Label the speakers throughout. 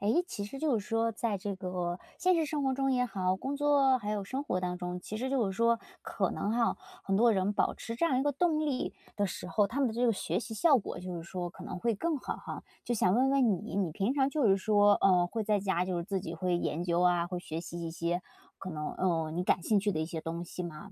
Speaker 1: 诶，其实就是说在这个现实生活中也好，工作还有生活当中，其实就是说可能哈，很多人保持这样一个动力的时候，他们的这个学习效果就是说可能会更好哈。就想问问你，你平常就是说，嗯，会在家就是自己会研究啊，会学习一些可能，嗯，你感兴趣的一些东西吗？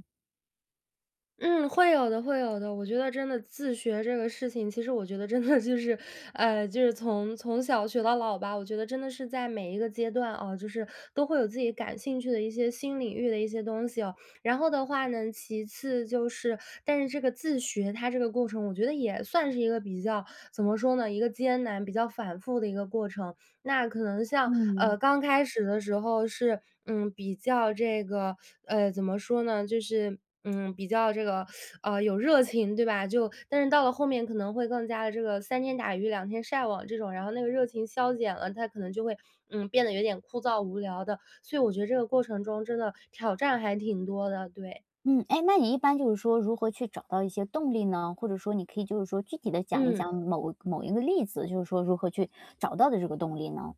Speaker 2: 嗯，会有的，会有的。我觉得真的自学这个事情，其实我觉得真的就是，呃，就是从从小学到老吧，我觉得真的是在每一个阶段啊，就是都会有自己感兴趣的一些新领域的一些东西哦。然后的话呢，其次就是，但是这个自学它这个过程，我觉得也算是一个比较怎么说呢，一个艰难比较反复的一个过程。那可能像，呃，
Speaker 1: 嗯。
Speaker 2: 刚开始的时候是，嗯，比较这个，呃，怎么说呢，就是，嗯，比较这个，呃，有热情，对吧？就但是到了后面可能会更加地这个，三天打鱼两天晒网这种，然后那个热情消减了，它可能就会，嗯，变得有点枯燥无聊的。所以我觉得这个过程中真的，挑战还挺多的，对。
Speaker 1: 嗯，诶，那你一般就是说，如何去找到一些动力呢？或者说你可以就是说，具体地讲一
Speaker 2: 嗯。
Speaker 1: 讲某某一个例子，就是说如何去找到的这个动力呢？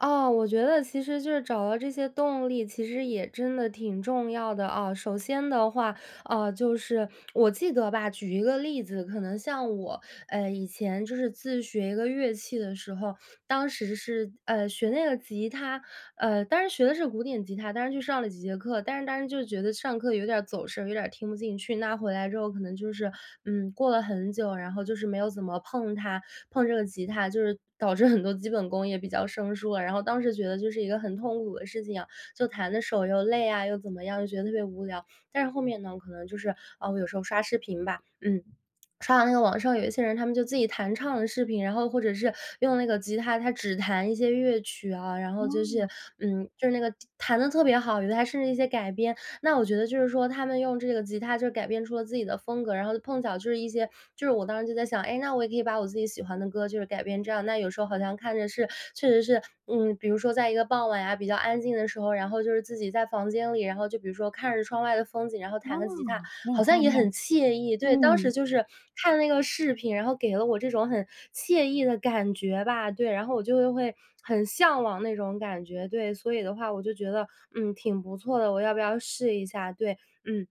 Speaker 2: 哦，我觉得其实就是找到这些动力，其实也真的挺重要的啊。首先的话，啊，就是我记得吧，举一个例子，可能像我，呃，以前就是自学一个乐器的时候，当时是，呃，学那个吉他，呃，当时学的是古典吉他，当时去上了几节课，但是当时就觉得上课有点儿走神，有点儿听不进去。那回来之后可能就是，嗯，过了很久，然后就是没有怎么碰它，碰这个吉他，就是导致很多基本功也比较生疏了，然后当时觉得这是一个很痛苦的事情啊，就弹得手又累啊，又怎么样，就觉得特别无聊。但是后面呢，我可能就是呃，我有时候刷视频吧，嗯，刷完那个网上有一些人，他们就自己弹唱的视频，然后或者是用那个吉他，他只弹一些乐曲啊，然后就是，
Speaker 1: 哦。
Speaker 2: 嗯，就是那个弹得特别好，有的还甚至一些改编。那我觉得就是说，他们用这个吉他就是改编出了自己的风格，然后就碰巧就是一些就是我当时就在想，哎，那我也可以把我自己喜欢的歌就是改编这样。那有时候好像看着是确实是，嗯，比如说在一个傍晚呀，比较安静的时候，然后就是自己在房间里，然后就比如说看着窗外的风景，然后
Speaker 1: 哦，
Speaker 2: 弹个吉他，
Speaker 1: 很有
Speaker 2: 好像
Speaker 1: 画
Speaker 2: 也
Speaker 1: 面，
Speaker 2: 很惬意。对，当时
Speaker 1: 嗯。
Speaker 2: 就是看那个视频，然后给了我这种很惬意的感觉吧。对，然后我就会很向往那种感觉，对，所以的话我就觉得，嗯，挺不错的，我要不要试一下，对。嗯，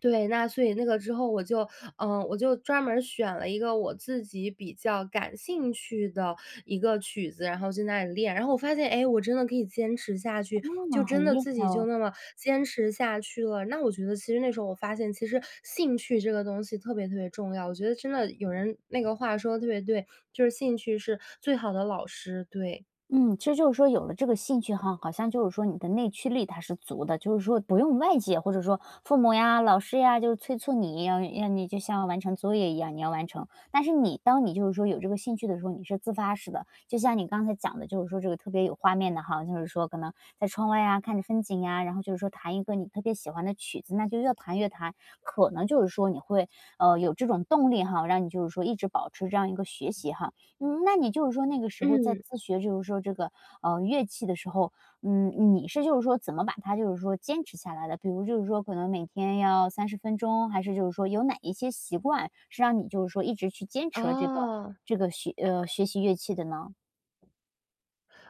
Speaker 2: 对，那所以那个之后我就，呃，我就专门儿选了一个我自己比较感兴趣的一个曲子，然后在那里练，然后我发现，哎，我真的可以坚持下去，
Speaker 1: 哦，
Speaker 2: 就真
Speaker 1: 很
Speaker 2: 的
Speaker 1: 厉
Speaker 2: 自
Speaker 1: 害
Speaker 2: 己就
Speaker 1: 哦。
Speaker 2: 那么坚持下去了。那我觉得其实那时候，我发现其实兴趣这个东西特别特别重要，我觉得真的有人那个话说得特别对，就是“兴趣是最好的老师”，对。
Speaker 1: 嗯，其实就是说有了这个兴趣哈，好像就是说你的内驱力它是足的，就是说不用外界或者说父母呀、老师呀就催促你，要让你就像完成作业一样，你要完成。但是你当你就是说有这个兴趣的时候，你是自发式的，就像你刚才讲的就是说这个特别有画面的哈，就是说可能在窗外呀，看着风景呀，然后就是说弹一个你特别喜欢的曲子，那就越弹越弹，可能就是说你会，呃，有这种动力哈，让你就是说一直保持这样一个学习哈。嗯，那你就是说那个时候在
Speaker 2: 嗯。
Speaker 1: 自学，就是说这个，啊，乐器的时候，呃，你是就是说怎么把它就是说坚持下来的？比如就是说可能每天要30分钟，还是就是说有哪一些习惯是让你就是说一直去坚持了这个，
Speaker 2: 哦。
Speaker 1: 这个学呃，学习乐器的呢？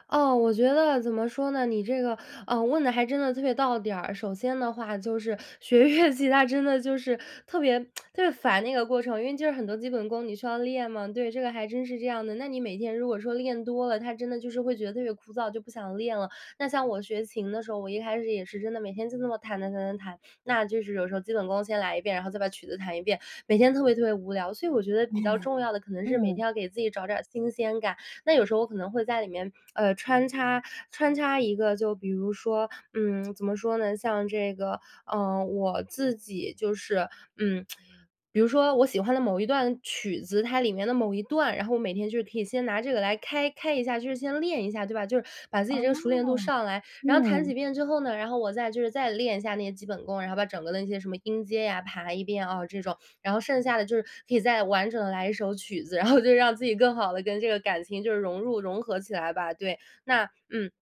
Speaker 2: 哦，我觉得怎么说呢？你这个，呃，问得还真的特别到点儿。首先的话就是学乐器，它真的就是特别，特别烦那个过程，因为就是很多基本功，你需要练嘛，对，这个还真是这样的，那你每天如果说练多了，它真的就是会觉得特别枯燥，就不想练了。那像我学琴的时候，我一开始也是真的每天就那么弹弹弹弹弹。那就是有时候基本功先来1遍，然后再把曲子弹1遍，每天特别特别无聊，所以我觉 得比较重要的可能是每
Speaker 1: 嗯。
Speaker 2: 天要给自己找点儿新鲜感。那有时候我可能会在里面，呃，穿插，穿插一个就比如说，嗯，怎么说呢？像这个，呃，我自己就是，嗯，比如说我喜欢的某一段曲子，它里面的某一段，然后我每天就可以先拿这个来开开一下，就是先练一下，对吧？就是把自
Speaker 1: 哦，
Speaker 2: 己这个熟练度
Speaker 1: 啊，
Speaker 2: 上来，然后弹
Speaker 1: 嗯。
Speaker 2: 几遍之后呢，然后我再就是再练一下那个基本功，然后把整个的那些什么音阶呀，排1遍，啊，这种。然后剩下的就是可以再完整地来一首曲子，然后就让自己更好地跟这个感情就融入、融合起来吧。对。那嗯。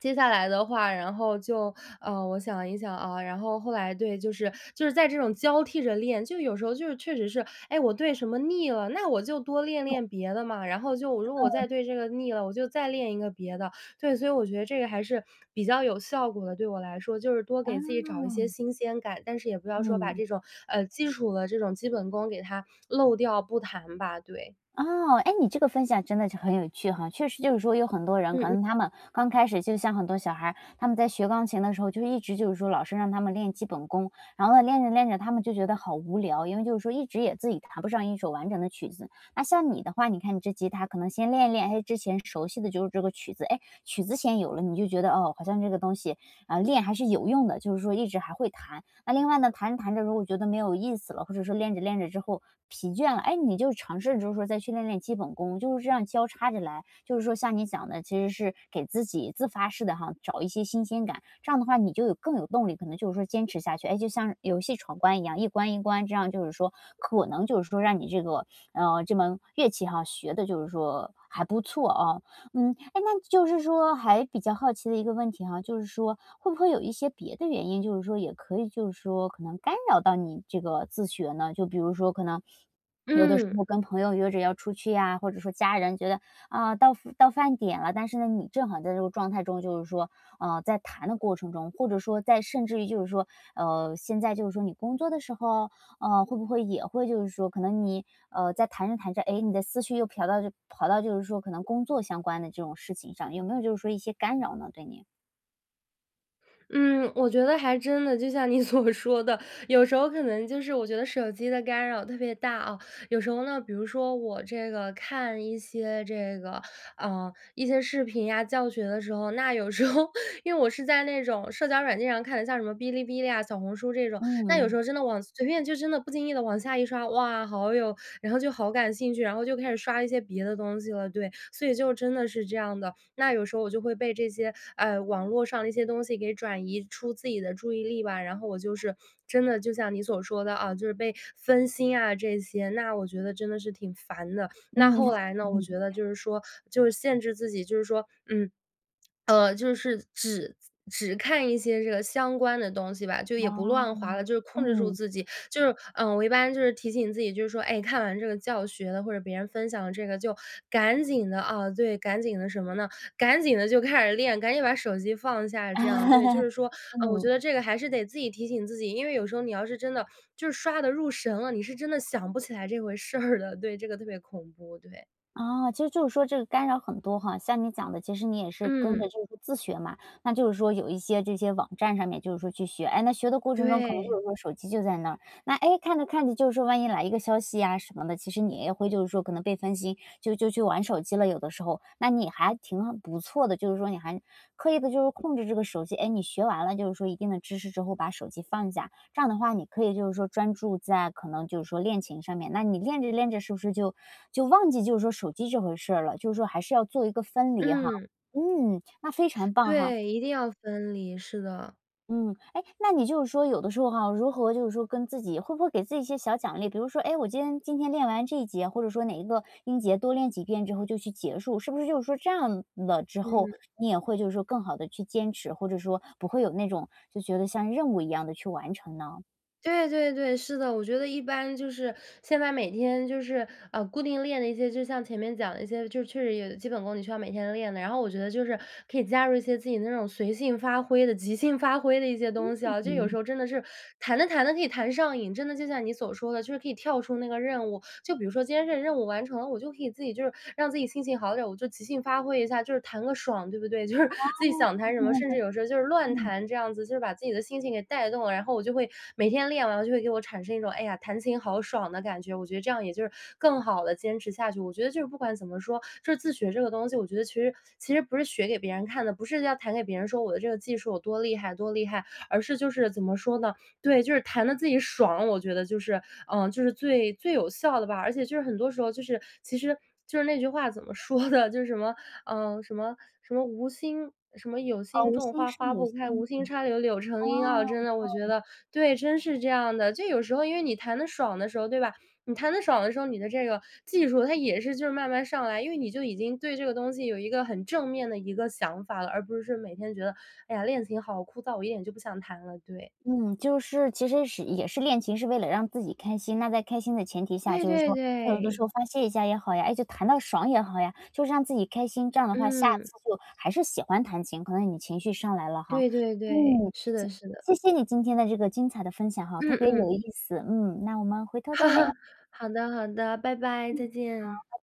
Speaker 2: 接下来的话，然后就，呃，我想一想，啊，然后后来对，就是，就是在这种交替着练，就有时候就是确实是，诶，我对什么腻了，那我就多练
Speaker 1: 就
Speaker 2: 练别的嘛，然后就我如果我再
Speaker 1: 嗯。
Speaker 2: 对这个腻了，我就再练一个别的。对，所以我觉得这个还是比较有效果的，对我来说，就是多给自
Speaker 1: 啊。
Speaker 2: 己找一些新鲜感，但是也不要说把
Speaker 1: 嗯。
Speaker 2: 这种，呃，基础的这种基本功给它漏掉不弹吧，对。
Speaker 1: 哦，诶，你这个分享真的是很有趣哈。确实就是说有很多人，
Speaker 2: 嗯，
Speaker 1: 可
Speaker 2: 嗯。
Speaker 1: 能他们刚开始就像很多小孩儿，他们在学钢琴的时候就一直就是说老师让他们练基本功。然后呢，练着练着，他们就觉得好无聊，因为就是说一直也自己弹不上一首完整的曲子。那像你的话，你看你这吉他可能先练一练，诶，之前熟悉的就是这个曲子，诶，曲子先有了，你就觉得，哦，好像这个东西，呃，练还是有用的，就是说一直还会弹。啊，另外呢，弹着弹着如果觉得没有意思了，或者说练着练着之后疲倦了，诶，你就尝试着就是说再去练练基本功，就是这样交叉着来，就是说像你想的，其实是给自己自发式地哈，找一些新鲜感，这样的话你就有更有动力，可能就是说坚持下去，诶，就像游戏闯关一样，一关一关，这样就是说可能就是说让你这个，嗯，这门乐器哈，学得就是说还不错哦。嗯，诶，那就是说还比较好奇的一个问题哈，就是说会不会有一些别的原因，就是说也可以就是说可能干扰到你这个自学呢？就比如说可能有的时
Speaker 2: 嗯。
Speaker 1: 候跟朋友约着要出去呀，或者说家人觉得，啊，到到饭点了，但是呢，你正好在这个状态中，就是说，呃，在弹的过程中，或者说在甚至于就是说，呃，现在就是说你工作的时候，呃，会不会也会就是说可能你，呃，在弹着弹着，诶，你的思绪又嫖到跑到就是说可能工作相关的这种事情上，有没有就是说一些干扰呢对你？
Speaker 2: 嗯，我觉得还真的，就像你所说的，有时候可能就是我觉得手机的干扰特别大，啊。有时候呢，比如说我这个，看一些这个，呃，一些视频呀、教学的时候。那有时候 因为我是在那种社交软件上看的，像什么哔哩哔哩啊，小红书这种。但有时
Speaker 1: 嗯。
Speaker 2: 候真的往随便就真的不经意地往下一刷，哇，好有然后就好感兴趣，然后就开始刷一些别的东西了，对，所以就真的是这样的。那有时候我就会被这些，呃，网络上的一些东西给转移出自己的注意力吧，然后我就是，真的就像你所说的，啊，就是被分心啊这些。那我觉得真的是挺烦的，那
Speaker 1: 嗯。
Speaker 2: 后来呢，我觉得 就是说，就是限制自己，就是说，嗯，呃，就是只只看一些这个相关的东西吧，就也不乱滑
Speaker 1: 哦，
Speaker 2: 了，就是控制住
Speaker 1: 嗯。
Speaker 2: 自己。就是，呃，我一般就是提醒自己，就是说，哎，看完这个教学了，或者别人分享了这个，就赶紧的，啊，对，赶紧的什么呢？赶紧地就开始练，赶紧把手机放下，这样，对。就 是说，呃，我觉
Speaker 1: 嗯。
Speaker 2: 得这个还是得自己提醒自己，因为有时候你要是真的就是刷得入神了，你是真的想不起来这回事儿的，对，这个特别恐怖，对。
Speaker 1: 哦，其实就是说这个干扰很多哈。像你讲的，其实你也是跟着
Speaker 2: 嗯。
Speaker 1: 就是自学嘛，那就是说有一些这些网站上面就是说去学，诶，那学的过程中可能就
Speaker 2: 对。
Speaker 1: 是说手机就在那儿，那诶，看着看着就是说万一来一个消息呀什么的，其实你也会就是说可能被分心，就就去玩手机了，有的时候。那你还挺不错的，就是说你还刻意地就是控制这个手机，诶，你学完了就是说一定的知识之后把手机放下。这样的话，你可以就是说专注在可能就是说练琴上面，那你练着练着是不是就就忘记就是说手机这回事儿了，就是说还是要做一个分离哈。
Speaker 2: 嗯。
Speaker 1: 嗯，那非常棒哈。
Speaker 2: 对，一定要分离，是的。
Speaker 1: 嗯，诶，那你就是说有的时候哈，如何就是说跟自己会不会给自己一些小奖励？比如说，诶，我今天今天练完这一节，或者说哪一个音节多练几遍之后就去结束，是不是就是说这样了之后，
Speaker 2: 嗯。
Speaker 1: 你也会就是说更好地去坚持，或者说不会有那种，就觉得像任务一样地去完成呢？
Speaker 2: 对对对，是的。我觉得一般就是现在每天就是，呃，固定练的一些，就像前面讲的一些，就是确实有基本功你需要每天练的。然后我觉得就是可以加入一些自己那种随性发挥的、即兴发挥的一些东西啊，就有时
Speaker 1: 嗯。
Speaker 2: 候真的是弹着弹着可以弹上瘾，真的就像你所说的，就是可以跳出那个任务。就比如说今天这个任务完成了，我就可以自己就是让自己心情好点儿，我就即兴发挥一下，就是弹个爽，对不对？就是自己
Speaker 1: 哦，
Speaker 2: 想弹
Speaker 1: 对
Speaker 2: 什么，
Speaker 1: 对
Speaker 2: 甚
Speaker 1: 对，
Speaker 2: 至有时候就是乱
Speaker 1: 嗯。
Speaker 2: 弹这样子，就是把自己的心情给带动了。然后我就会每天练完就会给我产生一种，哎呀，弹琴好爽的感觉，我觉得这样也就是更好地坚持下去。我觉得就是不管怎么说，就是自学这个东西，我觉得其实，其实不是学给别人看的，不是要弹给别人说我的这个技术有多厉害，多厉害，而是就是怎么说呢？对，就是弹得自己爽，我觉得就是，呃，就是最最有效的吧。而且就是很多时候就是其实就是那句话怎么说的？就是什么，呃，什么，什么无心什么“有
Speaker 1: 哦，
Speaker 2: 心
Speaker 1: 无
Speaker 2: 种
Speaker 1: 心
Speaker 2: 花
Speaker 1: 胜
Speaker 2: 花
Speaker 1: 有
Speaker 2: 不
Speaker 1: 心，
Speaker 2: 开，
Speaker 1: 嗯，
Speaker 2: 无心插柳柳成荫”啊，
Speaker 1: 哦，
Speaker 2: 真的我觉
Speaker 1: 哦。
Speaker 2: 得对，真是这样的，就有时候因为你弹得爽的时候，对吧？你弹得爽的时候，你的这个技术它也是就是慢慢上来，因为你就已经对这个东西有一个很正面的一个想法了，而不是每天觉得，哎呀，练琴好枯燥，我一点就不想弹了，对。
Speaker 1: 嗯，就是其实实也是练琴是为了让自己开心。那在开心的前提下，
Speaker 2: 对
Speaker 1: 就是
Speaker 2: 对
Speaker 1: 说，有的
Speaker 2: 对。
Speaker 1: 时候发泄一下也好呀，诶，就弹到爽也好呀，就是让自己开心，这样的话下
Speaker 2: 嗯。
Speaker 1: 次就还是喜欢弹琴，可能你情绪上来了哈。
Speaker 2: 对对对，
Speaker 1: 嗯，
Speaker 2: 是的，是的。
Speaker 1: 谢谢谢你今天的这个精彩的分享哈，特
Speaker 2: 嗯，
Speaker 1: 别有
Speaker 2: 嗯。
Speaker 1: 意思。嗯，那我们回头再聊。
Speaker 2: 好的，好的，拜拜，再
Speaker 1: 嗯，
Speaker 2: 见。
Speaker 1: 好，拜